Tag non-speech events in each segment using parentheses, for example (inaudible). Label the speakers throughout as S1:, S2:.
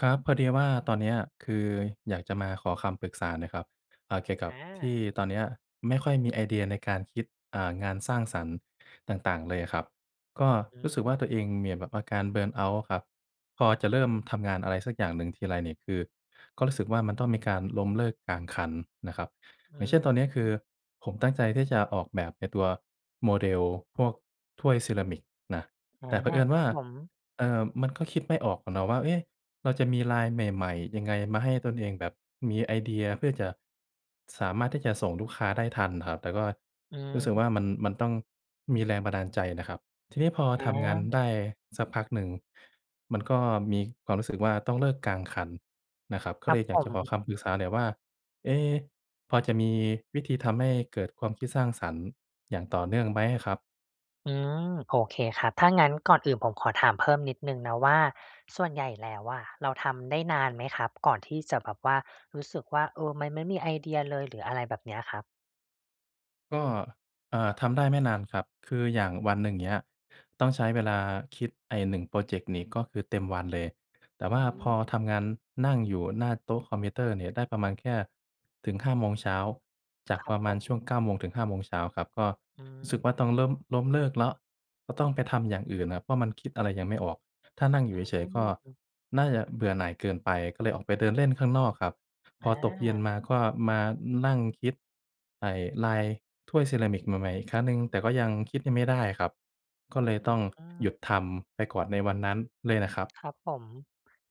S1: ครับ พอดีว่าตอนเนี้ยคืออยากจะมาขอคำปรึกษาหน่อยครับ อ่า เกี่ยวก
S2: อ
S1: ับที่
S2: า
S1: ตอนเนี้ยไม่ค่อยมีไอเดียในการคิด อ่า งานสร้างสรรค์ต่าง ๆ เลยอะครับ ก็
S2: อ
S1: รู้สึก
S2: ืม
S1: ว่า ตัวเองมีแบบอาการ เบิร์นเอาต์ อะครับ พอจะเริ่มทำงานอะไรสักอย่างหนึ่งทีไรนี่ คือ ก็รู้สึกว่ามันต้องมีการล้มเลิกกลางคันนะครับ
S2: อื
S1: อย่างเช่น
S2: อ
S1: ตอนเนี้ยคื
S2: ฮึ
S1: อผมตั้งใจที่จะออกแบบไอ้ตัวโมเดลพวกถ้วยเซรามิกน่ะ
S2: อา
S1: แต่เผอิญ
S2: ค
S1: ว
S2: ร
S1: ่
S2: ั
S1: า
S2: บผม
S1: เอ่อ มันก็คิดไม่ออกอะเนาะว่า เอ๊ะ เราจะมีลายใหม่ ๆ ยังไงมาให้ตนเองแบบมีไอเดีย เพื่อจะ สามารถที่จะส่งลูกค้าได้ทันอะครับ แต่ก็
S2: อื
S1: รู
S2: ม
S1: ้สึกว่ามัน มันต้องมีแรงบันดาลใจนะครับ ทีนี้พอ
S2: อ
S1: ทำงานได
S2: า
S1: ้สักพักหนึ่งมันก็มีความรู้สึกว่าต้องเลิกกลางคันนะครับ ก็
S2: คร
S1: เ
S2: ั
S1: ล
S2: บ
S1: ยอย
S2: ผ
S1: ากจะขอค
S2: ม
S1: ำปรึกษาหน่อยว่า เอ๊ะ พอจะมีวิธีทำให้เกิดความคิดสร้างสรรค์อย่างต่อเนื่องไหมอะครับ?
S2: อืม โอเคครับ ถ้างั้นก่อนอื่นผมขอถามเพิ่มนิดหนึ่งนะว่า ส่วนใหญ่แล้วอะเราทำได้นานไหมครับ ก่อนที่จะแบบว่า รู้สึกว่า เออ มันไม่มีไอเดียเลย หรืออะไรแบบเนี้ยครับ?
S1: ก็ เอ่อ ทำได้ไม่นานครับ คืออย่างวันหนึ่งเงี้ย ต้องใช้เวลาคิดไอ้ 1 พรอเจกต์นี้ ก็คือเต็มวันเลย แต
S2: อ
S1: ่
S2: ื
S1: ว่าพอ
S2: ม
S1: ทำงานนั่งอยู่หน้าโต๊ะคอมพิวเตอร์เนี่ย ได้ประมาณแค่ถึง 5 โมงเช้า จา
S2: ค
S1: ก
S2: รับ
S1: ประ
S2: ผ
S1: มาณช่
S2: ม
S1: วง 9 โมง ถึง 5 โมงเช้าครับ ก็
S2: อื
S1: รู้สึกว่า ต้อง
S2: ม
S1: ล้ม ล้มเลิกแล้ว ก็ต้องไปทำอย่างอื่นน่ะ เพราะมันคิดอะไรยังไม่ออก ถ้านั่งอยู่เฉ
S2: อ
S1: ย
S2: ื
S1: ๆ ก็
S2: ม
S1: น่าจะเบื่อหน่ายเกินไป ก็เลยออกไปเดินเล่นข้างนอกครับ พ
S2: อ
S1: อตกเย็น
S2: า
S1: มา ก็มานั่งคิด ไอ่ลายถ้วยเซรามิกใหม่ ๆ อีกครั้งหนึ่ง แต่ก็ยังคิดยังไม่ได้ครับ ก็
S2: อื
S1: เล
S2: อ
S1: ย
S2: อ
S1: ต
S2: ื
S1: ้
S2: อ
S1: อง
S2: อ
S1: หยุด
S2: า
S1: ทำไปก่อนในวันนั้นเลยน่ะครับ
S2: ครับผม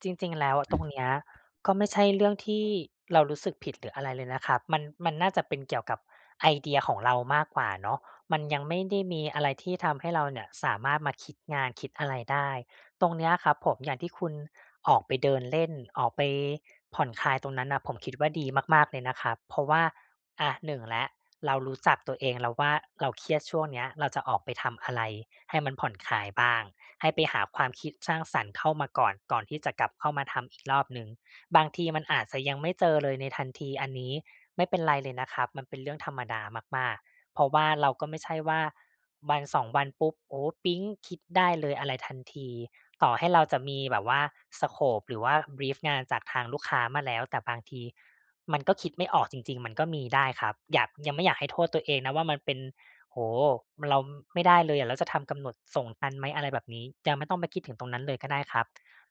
S2: จริง ๆ แล้วตรงเนี้ย ก็ไม่ใช่เรื่องที่เรารู้สึกผิด หรืออะไรเลยนะครับ มัน มันน่าจะเป็นเกี่ยวกับไอเดียของเรามากกว่าเนาะ มันยังไม่ได้มีอะไรที่ทำให้เราเนี่ยสามารถมาคิดงานคิดอะไรได้ ตรงเนี้ยครับผม อย่างที่คุณออกไปเดินเล่น ออกไปผ่อนคลายตรงนั้นน่ะ ผมคิดว่าดีมากมาก ๆ เลยนะครับ เพราะว่า อา 1 แล้ว เรารู้จักตัวเองแล้วว่า เราเครียดช่วงเนี้ย เราจะออกไปทำอะไรให้มันผ่อนคลายบ้าง ให้ไปหาความคิดสร้างสรรค์เข้ามาก่อน ก่อนที่จะกลับเข้ามาทำอีกรอบหนึ่ง บางทีมันอาจจะยังไม่เจอเลยในทันที อันนี้ไม่เป็นไรเลยนะครับ มันเป็นเรื่องธรรมดามาก ๆ เพราะว่าเราก็ไม่ใช่ว่า 1-2 วันปุ๊บ โอ้ ปิ๊งคิดได้เลยอะไรทันที ต่อให้เราจะมีแบบว่า สโกป หรือว่า บรีฟ งานจากทางลูกค้ามาแล้ว แต่บางทีมันก็คิดไม่ออกจริง ๆ มันก็มีได้ครับ อยาก ยังไม่อยากให้โทษตัวเองนะว่ามันเป็น โอ้โฮ เราไม่ได้เลย เราจะทำกำหนดส่งทันไหม อะไรแบบนี้ ยังไม่ต้องไปคิดถึงตรงนั้นเลยก็ได้ครับ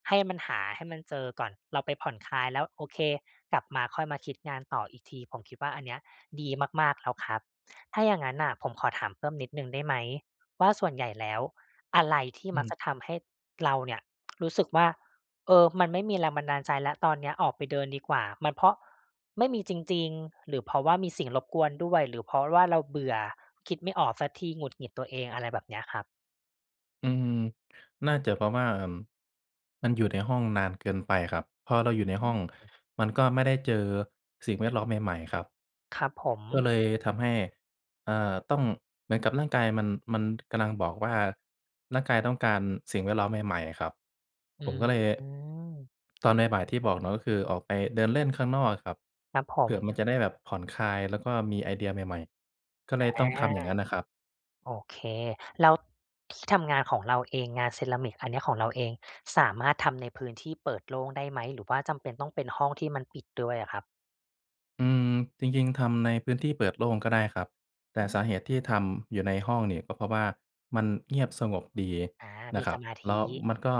S2: ให้มันหาให้มันเจอก่อน เราไปผ่อนคลายแล้ว โอเค กลับมาค่อยมาคิดงานต่ออีกที ผมคิดว่าอันเนี้ยดีมาก ๆ แล้วครับ ถ้าอย่างงั้นน่ะ ผมขอถามเพิ่มนิดหนึ่งได้ไหม ว่าส่วนใหญ่แล้ว อะไรที่
S1: อื
S2: ม
S1: อ
S2: ัก
S1: ฮ
S2: จะท
S1: ึ
S2: ำให้เราเนี่ยรู้สึกว่า เออ มันไม่มีแรงบันดาลใจแล้ว ตอนเนี้ยออกไปเดินดีกว่า มันเพราะไม่มีจริง ๆ หรือเพราะว่ามีสิ่งรบกวนด้วย หรือเพราะว่าเราเบื่อ คิดไม่ออกสักที หงุดหงิดตัวเอง อะไรแบบนี้ครับ?
S1: อืม น่าจะเพราะว่า เอ่อ มันอยู่ในห้องนานเกินไปครับ พอเราอยู่ใน
S2: อื
S1: ห้อง
S2: ม
S1: มันก็ไม่ได้เจอสิ่งแวดล้อมใหม่ ๆ ครับ
S2: ครับผ
S1: ก็
S2: ม
S1: เลยทำให้ อ่า ต้อง เหมือนกับร่างกายมัน มันกำลังบอกว่า ร่างกายต้องการสิ่งแวดล้อมใหม่ ๆ อะครับ
S2: อื
S1: ผมก็เลย
S2: ม
S1: ตอนบ่าย ๆ ที่บอกเนาะ ก็คือออกไปเดินเล่นข้างนอกอะครับ
S2: ครับผ
S1: เผื่อมัน
S2: ม
S1: จะได้แบบผ่อนคลาย แล้วก็มีไอเดียใหม่ ๆ ก็เล
S2: อา
S1: ยต้องทำอย่างนั้นน่ะครับ
S2: โอเค แล้ว ที่ทำงานของเราเอง งานเซรามิกอันนี้ของเราเอง สามารถทำในพื้นที่เปิดโล่งได้ไหม? หรือว่าจำเป็นต้องเป็นห้องที่มันปิดด้วยอะครับ?
S1: อืม จริง ๆ ทำในพื้นที่เปิดโล่งก็ได้ครับ แต่
S2: อื
S1: สาเห
S2: ม!
S1: ตุที่ทำอยู่ในห้องนี่ ก็เพราะว่ามันเงียบสงบดี
S2: อา
S1: น
S2: ม
S1: ะ
S2: ี
S1: ครั
S2: ส
S1: บ
S2: มาธ
S1: แล้ว
S2: ิ
S1: มันก็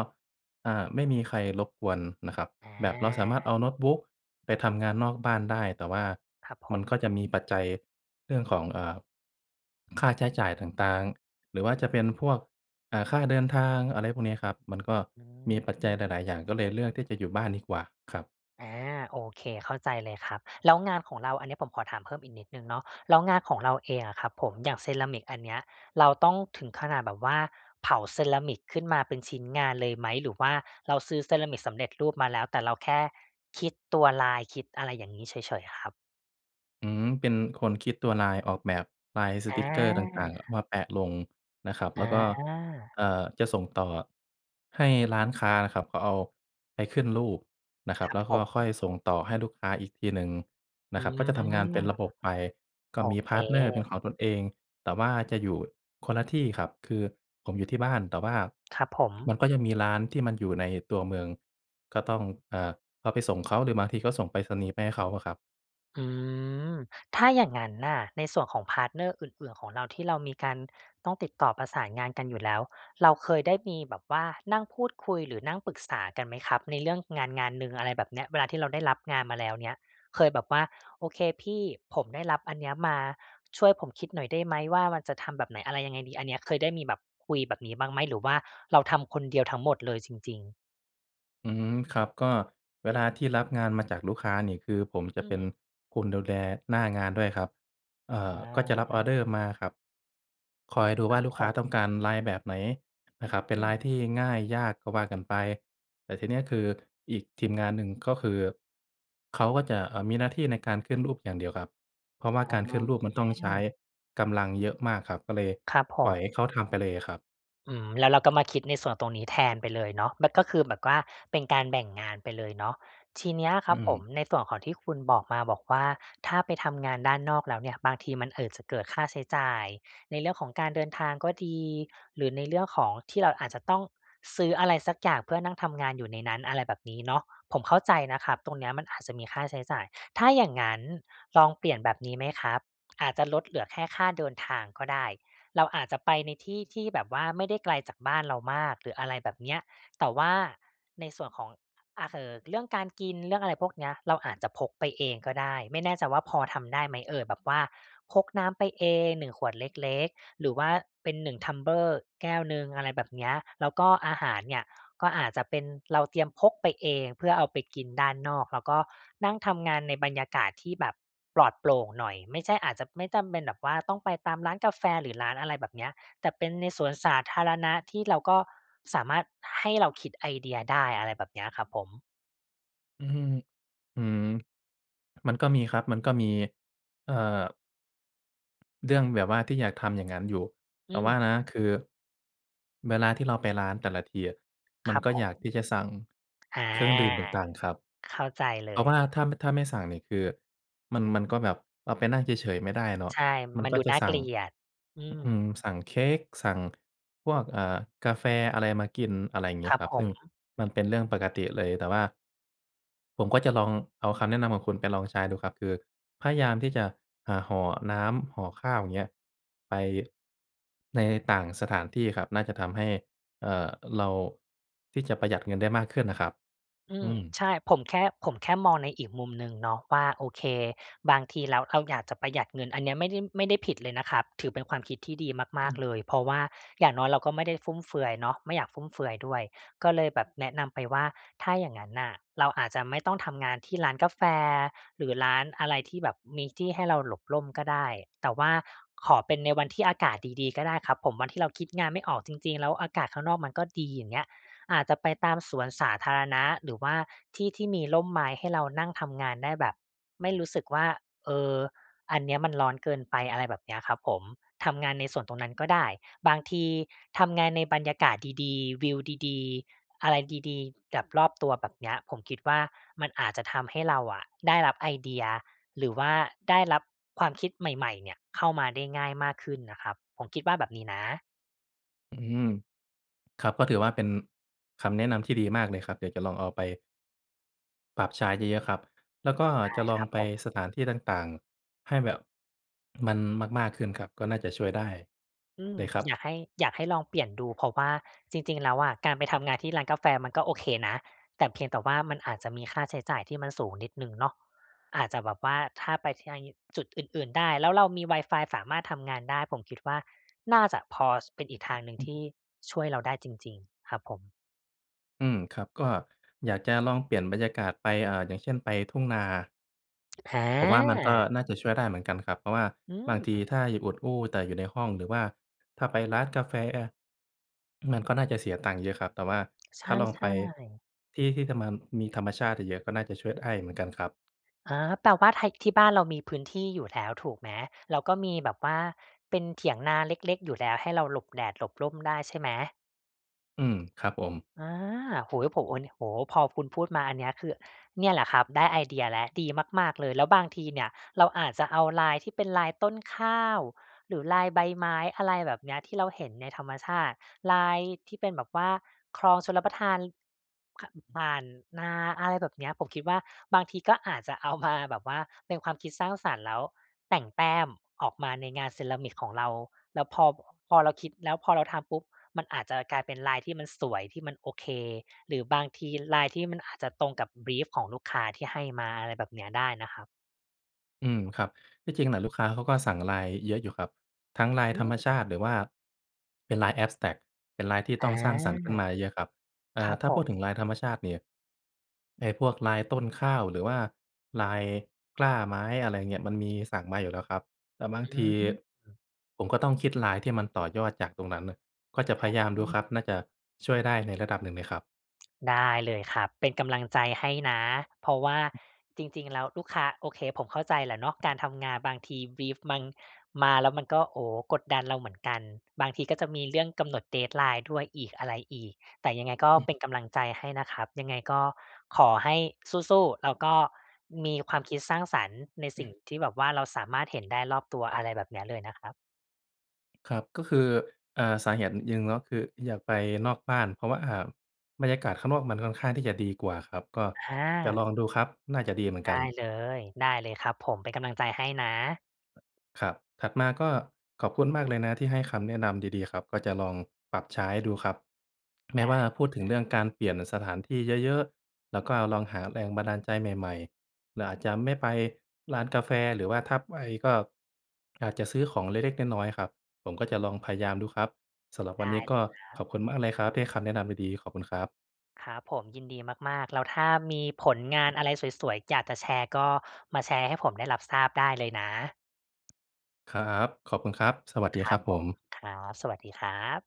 S1: อ่า ไม่มีใครรบกวนนะครับ แบบเราสาม
S2: อ
S1: ารถ
S2: า
S1: เอาโน้ตบุ๊กไปทำงานนอกบ้านได้ แต่ว่า
S2: ครับผ
S1: มัน
S2: ม
S1: ก็จะมีปัจจัยเรื่องของ เอ่อ ค่าใช้จ่ายต่าง ๆ หรือว่าจะเป็นพวก อ่า ค่าเดินทาง อะไรพวกนี้ครับ มันก็
S2: อื
S1: มีปัจจัย
S2: ม
S1: หลาย ๆ อย่าง ก็เลยเลือกที่จะอยู่บ้านดีกว่าครับ
S2: อา โอเค เข้าใจเลยครับ แล้วงานของเรา อันนี้ผมขอถามเพิ่มอีกนิดหนึ่งเนาะ แล้วงานของเราเองอะครับผม อย่างเซรามิกอันเนี้ย เราต้องถึงขนาดแบบว่า เผาเซรามิกขึ้นมาเป็นชิ้นงานเลยไหม? หรือว่าเราซื้อเซรามิกสำเร็จรูปมาแล้ว แต่เราแค่คิดตัวลาย คิดอะไรอย่างงี้เฉย ๆ อะครับ?
S1: อืม เป็นคนคิดตัวลาย ออกแบบไลน์ส
S2: อ
S1: ติกเกอร์ต่าง ๆ อะ ม
S2: า
S1: าแปะลงนะครับ แ
S2: อ
S1: ล้วก็
S2: า
S1: เอ่อ จะส่งต่อให้ร้านค้านะครับ เขาเอาไปขึ้นรูปนะค
S2: (smacks lips)
S1: รั
S2: ค
S1: บ
S2: รั
S1: แล
S2: บ
S1: ้ว
S2: ผ
S1: ก็ค่
S2: ม
S1: อยส่งต่อให้ลูกค้าอีกทีหนึ่ง
S2: อ
S1: น
S2: ื
S1: ะครับ ก็จะทำงานเ
S2: ม
S1: ป็นระบบไป ก็
S2: โอ
S1: มี
S2: เค
S1: พาร์ตเนอร์เป็นของตนเอง แต่ว่าจะอยู่คนละที่ครับ คือผมอยู่ที่บ้าน แต่ว่า
S2: ครับผม
S1: มันก็จะมีร้านที่มันอยู่ในตัวเมือง ก็ต้อง เอ่อ เอาไปส่งเขา หรือบางทีก็ส่งไปรษณีย์ไปให้เขาอะครับ
S2: อืม ถ้าอย่างงั้นน่ะ ในส่วนของพาร์ตเนอร์อื่น ๆ ของเรา ที่เรามีการต้องติดต่อประสานงานกันอยู่แล้ว เราเคยได้มีแบบว่านั่งพูดคุย หรือนั่งปรึกษากันไหมครับ ในเรื่องงาน งานหนึ่งอะไรแบบเนี้ย? เวลาที่เราได้รับงานมาแล้วเนี้ย เคยแบบว่า โอเคพี่ ผมได้รับอันเนี้ยมา ช่วยผมคิดหน่อยได้ไหมว่า มันจะทำแบบไหน อะไรยังไงดี? อันนี้เคยได้มีแบบคุยแบบนี้บ้างไหม? หรือว่าเราทำคนเดียวทั้งหมดเลยจริง ๆ?
S1: อืม ครับ ก็เวลาที่รับงานมาจากลูกค้านี่ คือผมจ
S2: อื
S1: ะเป็น
S2: ม
S1: คนดูแลหน้างานด้วยครับ เอ่
S2: อ๋
S1: อ ก็จะรับออร
S2: อ
S1: ์เดอร์มาครับ คอยดู
S2: ค
S1: ว่
S2: ร
S1: า
S2: ับ
S1: ลูก
S2: ผ
S1: ค้าต้
S2: ม
S1: องการลายแบบไหนนะครับ เป็
S2: อ
S1: น
S2: ื
S1: ลา
S2: ม
S1: ยที่ง่ายยากก็ว่ากันไป แต่ทีเนี้ย คืออีกทีมงานหนึ่งก็คือ เขาก็จะ เอ่อ มีหน้าที่ในการขึ้นรูปอย่างเดียวครับ เพราะว่า
S2: อ๋
S1: การขึ้นรูปมั
S2: อ
S1: นต้องใช้กำลังเยอะมากครับ ก็เลย
S2: ครับผ
S1: ปล่อ
S2: ม
S1: ยให้เขาทำไปเลยอะครับ
S2: อืม แล้วเราก็มาคิดในส่วนตรงนี้แทนไปเลยเนาะ มันก็คือแบบว่าเป็นการแบ่งงานไปเลยเนาะ ทีเนี้ยค
S1: อ
S2: ร
S1: ื
S2: ับผม
S1: ม
S2: ในส่วนของที่คุณบอกมาบอกว่า ถ้าไปทำงานด้านนอกแล้วเนี่ย บางทีมัน เอ่อ จะเกิดค่าใช้จ่ายในเรื่องของการเดินทางก็ดี หรือในเรื่องของที่เราอาจจะต้องซื้ออะไรสักอย่างเพื่อนั่งทำงานอยู่ในนั้น อะไรแบบนี้เนาะ ผมเข้าใจนะครับ ตรงเนี้ยมันอาจจะมีค่าใช้จ่าย ถ้าอย่างงั้นลองเปลี่ยนแบบนี้ไหมครับ อาจจะลดเหลือแค่ค่าเดินทางก็ได้ เราอาจจะไปในที่ที่แบบว่าไม่ได้ไกลจากบ้านเรามาก หรืออะไรแบบเนี้ย แต่ว่าในส่วนของ เอ่อ เรื่องการกิน เรื่องอะไรพวกเนี้ย เราอาจจะพกไปเองก็ได้ ไม่แน่ใจว่าพอทำได้ไหมเอ่ย? แบบว่าพกน้ำไปเอง 1 ขวดเล็ก ๆ หรือว่าเป็น 1 tumbler แก้วหนึ่ง อะไรแบบเนี้ย แล้วก็อาหาร เนี่ยก็อาจจะเป็นเราเตรียมพกไปเองเพื่อเอาไปกินด้านนอก แล้วก็นั่งทำงานในบรรยากาศที่แบบปลอดโปร่งหน่อย ไม่ใช่อาจจะ ไม่จำเป็นแบบว่าต้องไปตามร้านกาแฟ หรือร้านอะไรแบบเนี้ย แต่เป็นในสวนสาธารณะที่เราก็สามารถให้เราคิดไอเดียได้อะไรแบบเนี้ยครับผม
S1: อื้อฮือ อืม มันก็มีครับ มันก็มี เอ่อ เรื่องแบบว่าที่อยากทำอย่างงั้นอยู่
S2: อ
S1: แ
S2: ื
S1: ต่ว่า
S2: ม
S1: นะ คือเวลาที่เราไปร้านแต่ละทีอะ ม
S2: ค
S1: ัน
S2: รับ
S1: ก็
S2: ผ
S1: อยาก
S2: ม
S1: ที่จะสั่ง
S2: อา
S1: เครื่องดื่มต่าง ๆ ครับ
S2: เข้าใจเล
S1: เพราะ
S2: ย
S1: ว่าถ้า ม ถ้าไม่สั่งนี่คือ มัน มันก็แบบ ป ไปนั่งเฉย ๆ ไม่ได้เนาะ
S2: ใช่
S1: มัน
S2: มัน
S1: ก็
S2: ดู
S1: จะ
S2: น่า
S1: ส
S2: เก
S1: ั่ง
S2: ลียด อื
S1: อ อื
S2: ม
S1: ม สั่งเค้ก สั่งพวก เอ่อ กาแฟอะไรมากิน อะไรอย่างเงี
S2: ค
S1: ้ย
S2: รับ
S1: ครับ
S2: ผ
S1: ซึ่ง
S2: ม
S1: มันเป็นเรื่องปกติเลย แต่ว่า ผมก็จะลองเอาคำแนะนำของคุณไปลองใช้ดูครับ คือพยายามที่จะ เอ่อ ห่อน้ำ ห่อข้าว อย่างเงี้ย ไป ในต่างสถานที่ครับ น่าจะทำให้ เอ่อ เรา ที่จะประหยัดเงินได้มากขึ้นอะครับ
S2: อื
S1: อ
S2: ม
S1: ืม
S2: ใช่ ผมแค่ ผมแค่มองในอีกมุมหนึ่งเนาะว่า โอเค บางทีเรา เราอยากจะประหยัดเงิน อันเนี้ยไม่ได้ ไม่ได้ผิดเลยนะครับ ถือเป็นความคิดที่ดีม
S1: อื
S2: าก ๆ
S1: ม
S2: เลย เพราะว่าอย่างน้อยเราก็ไม่ได้ฟุ่มเฟือยเนาะ ไม่อยากฟุ่มเฟือยด้วย ก็เลยแบบแนะนำไปว่า ถ้าอย่างงั้นอะ เราอาจจะไม่ต้องทำงานที่ร้านกาแฟ หรือร้านอะไรที่แบบมีที่ให้เราหลบร่มก็ได้ แต่ว่าขอเป็นในวันที่อากาศดี ๆ ก็ได้ครับผม วันที่เราคิดงานไม่ออกจริง ๆ แล้วอากาศข้างนอกมันก็ดี อย่างเงี้ย อาจจะไปตามสวนสาธารณะ หรือว่าที่ที่มีร่มไม้ให้เรานั่งทำงานได้แบบไม่รู้สึกว่า เออ อันเนี้ยมันร้อนเกินไป อะไรแบบเนี้ยครับผม ทำงานในสวนตรงนั้นก็ได้ บางทีทำงานในบรรยากาศดี ๆ วิวดี ๆ อะไรดี ๆ กับรอบตัว แบบเนี้ย ผมคิดว่า มันอาจจะทำให้เราอะได้รับไอเดีย หรือว่าได้รับความคิดใหม่ ๆ เนี่ยเข้ามาได้ง่ายมากขึ้นน่ะครับ ผมคิดว่าแบบนี้นะ
S1: อืม ครับ ก็ถือว่าเป็นคำแนะนำที่ดีมากเลยครับ เดี๋ยวจะลองเอาไป ปรับใช้เยอะ ๆ ครับ แล้วก็
S2: ได้
S1: จะลอ
S2: คร
S1: ง
S2: ับ
S1: ไป
S2: ผม
S1: สถานที่ต่าง ๆ ให้แบบมันมาก ๆ ขึ้นครับ ก็น่าจะช่วยได้
S2: อืม
S1: เลยครับ
S2: อยากให้ อยากให้ลองเปลี่ยนดู เพราะว่าจริง ๆ แล้วอะ การไปทำงานที่ร้านกาแฟมันก็โอเคนะ แต่เพียงแต่ว่ามันอาจจะมีค่าใช้จ่ายที่มันสูงนิดหนึ่งเนาะ อาจจะแบบว่าถ้าไป (unintelligible) จุดอื่น ๆ ได้ แล้วเรามีวายฟายสามารถทำงานได้ ผมคิดว่าน่าจะพอเป็นอีกทางหนึ่
S1: อ
S2: ง
S1: ื
S2: ท
S1: ม
S2: ี่ช่วยเราได้จริง ๆ ครับผม
S1: อืม ครับ ก็อยากจะลองเปลี่ยนบรรยากาศไป อ่า อย่างเช่น ไปทุ่งนา ผมว่ามันก็
S2: อา
S1: น่าจะช่วยได้เหมือนกันครับ เพราะว่า
S2: อื
S1: บางที
S2: ม
S1: ถ้าอยู่อุดอู้แต่อยู่ในห้อง หรือว่าถ้าไปร้านกาแฟ มันก็น่าจะเสียตังค์เยอะครับ แต่ว่า
S2: ใช
S1: ถ้าลองไป
S2: ่ ๆ
S1: ที่ ที่ทำมา มีธรรมชาติเยอะก็น่าจะช่วยได้เหมือนกันครับ
S2: อา แปลว่าไท ที่บ้านเรามีพื้นที่อยู่แล้วถูกไหม? แล้วก็มีแบบว่าเป็นเถียงนาเล็ก ๆ อยู่แล้วให้เราหลบแดดหลบร่มได้ใช่ไหม?
S1: อืม ครับผม
S2: อา โอ้โฮ ผ โอ้ นิ โอ้โฮ พอคุณพูดมาอันเนี้ย คือเนี่ยแหละครับได้ไอเดียแล้ว ดีมาก ๆ เลย แล้วบางทีเนี่ย เราอาจจะเอาลายที่เป็นลายต้นข้าว หรือลายใบไม้ อะไรแบบเนี้ย ที่เราเห็นในธรรมชาติ ลายที่เป็นแบบว่าคลองชลประทาน ค ผ่านนา อะไรแบบเนี้ย ผมคิดว่าบางทีก็อาจจะเอามาแบบว่าเป็นความคิดสร้างสรรค์ แล้วแต่งแต้มออกมาในงานเซรามิกของเรา แล้วพอ พอเราคิด แล้วพอเราทำปุ๊บ มันอาจจะกลายเป็นลายที่มันสวย ที่มันโอเค หรือบางทีลายที่มันอาจจะตรงกับ บรีฟ ของลูกค้าที่ให้มา อะไรแบบเนี้ยได้นะครับ
S1: อืม ครับ ที่จริงน่ะลูกค้าเขาก็สั่งลายเยอะอยู่ครับ ทั้งลาย
S2: อื
S1: ธรรมช
S2: ม
S1: าติ หรือว่าเป็นลาย แอ็บสแตรกต์ เป็นลายที่
S2: อ
S1: ต
S2: า
S1: ้องสร้างสรรค์ขึ้นมาเยอะ ๆ ครับ เอ
S2: ค
S1: ่
S2: ร
S1: อ
S2: ับ
S1: ถ้า
S2: ผ
S1: พูด
S2: ม
S1: ถึงลายธรรมชาติเนี่ย ไอ้พวกลายต้นข้าว หรือว่าลายกล้าไม้ อะไรอย่างเงี้ย มันมีสั่งมาอยู่แล้วครับ แต่บา
S2: อ
S1: งที
S2: ืม
S1: ผมก็ต้องคิดลายที่มันต่อยอดจากตรงนั้นน่ะ ก็จะพ
S2: อ
S1: ยายามดูค
S2: า
S1: รับ น่าจะช่วยได้ในระดับหนึ่งเลยครับ
S2: ได้เลยครับ เป็นกำลังใจให้นะ เพราะว่าจริง ๆ แล้วลูกค้า โอเค ผมเข้าใจแหละเนาะ การทำงานบางที บรีฟ มัน มา แล้วมันก็ โอ้โฮ กดดันเราเหมือนกัน บางทีก็จะมีเรื่องกำหนด deadline ด้วยอีกอะไรอีก แต่ยังไงก็
S1: อือ
S2: เป็นกำลังใจให้นะครับ ยังไงก็ขอให้สู้ ๆ แล้วก็มีความคิดสร้างสรรค์ในสิ่งที่แบบว่า เราสามารถเห็นได้รอบตัว อะไรแบบเนี้ยเลยนะครับ
S1: ครับ ก็คือ อ่า สาเหตุหนึ่ง ก็คืออยากไปนอกบ้าน เพราะว่าบรรยากาศข้างนอกมันค่อนข้างที่จะดีกว่าครับ ก็
S2: อ
S1: จะ
S2: า
S1: ลองดูครับ น่าจะดีเหมือน
S2: ได
S1: กั
S2: ้
S1: น
S2: เลย ได้เลยครับผม เป็นกำลังใจให้นะ
S1: ครับ ถัดมาก็ขอบคุณมากเลยนะที่ให้คำแนะนำดี ๆ ครับ ก็จะลองปรับใช้ดูครับ แม
S2: ไ
S1: ้
S2: ด
S1: ว
S2: ้
S1: ่า
S2: เ
S1: พูดถึ
S2: ล
S1: ง
S2: ย
S1: เรื
S2: คร
S1: ่
S2: ับ
S1: องการเปลี่ยนสถานที่เยอะ ๆ แล้วก็ลองหาแรงบันดาลใจใหม่ ๆ เราอาจจะไม่ไปร้านกาแฟ หรือว่าถ้าไปก็อาจจะซื้อของเล็ก ๆ น้อย ๆ ครับ ผมก็จะลองพยายามดูครับ สำหรับว
S2: ไ
S1: ั
S2: ด
S1: นน
S2: ้
S1: ี้ก
S2: เล
S1: ็
S2: ยครั
S1: ข
S2: บ
S1: อบคุณมากเลยครับที่ให้คำแนะนำดี ๆ ขอบคุณครับ
S2: ครับผม ยินดีมาก ๆ แล้วถ้ามีผลงานอะไรสวย ๆ อยากจะแชร์ ก็มาแชร์ให้ผมได้รับทราบได้เลยนะ
S1: ครับ ขอบคุณครับ สวัสด
S2: ค
S1: ี
S2: ร
S1: คร
S2: ั
S1: ั
S2: บ
S1: บผ
S2: ผม
S1: ม
S2: ครับ สวัสดีครับ